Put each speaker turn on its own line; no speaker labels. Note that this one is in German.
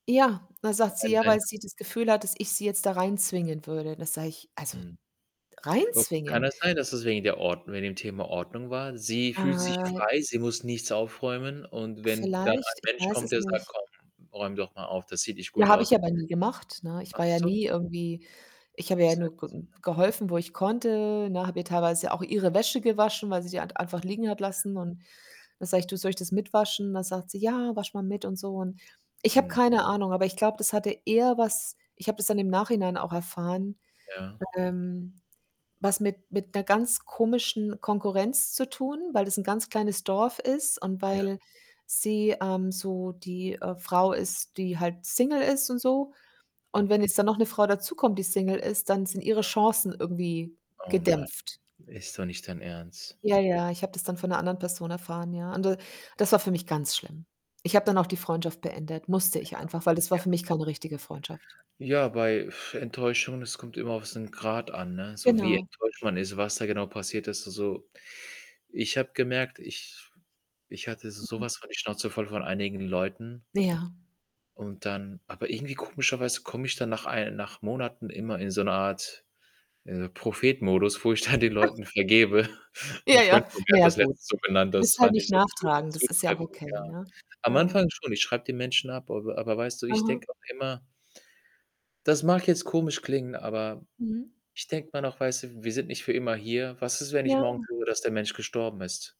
Ja, da sagt sie, ja, weil
[unintelligible]
sie das Gefühl hat, dass ich sie jetzt da reinzwingen würde. Da sage ich: „Also,
Hm, oh. Kann
reinzwingen?“
das sein, dass es wegen der Ord wegen dem Thema Ordnung war? Sie fühlt sich
Äh
frei, sie muss nichts aufräumen, und wenn dann
Vielleicht,
ein
ich
Mensch
weiß
kommt,
es
der sagt:
nicht.
„Komm, räum doch mal auf, das sieht nicht
Ja,
gut
habe
aus“
ich aber nie gemacht, ne? Ich
Ach
war ja
so.
nie irgendwie ich habe ihr ja nur ge
Seltsam.
geholfen, wo ich konnte, ne? Habe ihr teilweise auch ihre Wäsche gewaschen, weil sie die halt einfach liegen hat
Okay.
lassen, und dann sage ich: „Du, soll ich das mit waschen“? Dann sagt sie:„ Ja, wasch mal mit.“ und so. Ich habe
Mhm.
keine Ahnung, aber ich glaube, das hatte eher was ich habe das dann im Nachhinein auch erfahren,
Ja.
ähm, was mit mit 'ner ganz komischen Konkurrenz zu tun, weil das 'n ganz kleines Dorf ist, und
Ja.
weil sie, ähm, so die, äh, Frau ist, die halt single ist und so. Und wenn
Okay.
jetzt dann noch 'ne Frau dazukommt, die single ist, dann sind ihre
Ja.
Chancen irgendwie
Oh Mann,
gedämpft.
ist doch nicht dein Ernst.
Ja, ja, ich habe das dann von 'ner anderen Person erfahren, ja. Und d das war für mich ganz schlimm. Ich habe dann auch die Freundschaft beendet, musste ich
Genau,
einfach, weil das war
ja.
für mich keine richtige Freundschaft.
Ja, bei, Enttäuschung, es kommt immer auf so 'n Grad an, ne? So wie
Genau.
enttäuscht man ist, was da genau passiert ist. Also, ich habe gemerkt, ich ich hatte so
Mhm.
was von die Schnauze voll von einigen Leuten.
Ja.
Und dann aber irgendwie komischerweise komme ich dann nach ei nach Monaten immer in so 'ne Art, äh, Prophet-Modus, wo ich dann den Leuten vergebe.
Ja,
'N Freund
ja,
von mir
na
hat
ja,
das
gut.
letztens so genannt,
Du
das
bist halt
fand
nicht
ich so zu
nachtragend, das ist ja auch
zutreffend, ja.
okay, ne?
Am
Ja.
Anfang schon, ich schreibe die Menschen ab, aber aber weißt du, ich
Aha.
denke auch immer Das mag jetzt komisch klingen, aber
Mhm.
ich denke immer noch, weißt du, wir sind nicht für immer hier. Was ist, wenn ich morgen
Ja.
höre, dass der Mensch gestorben ist?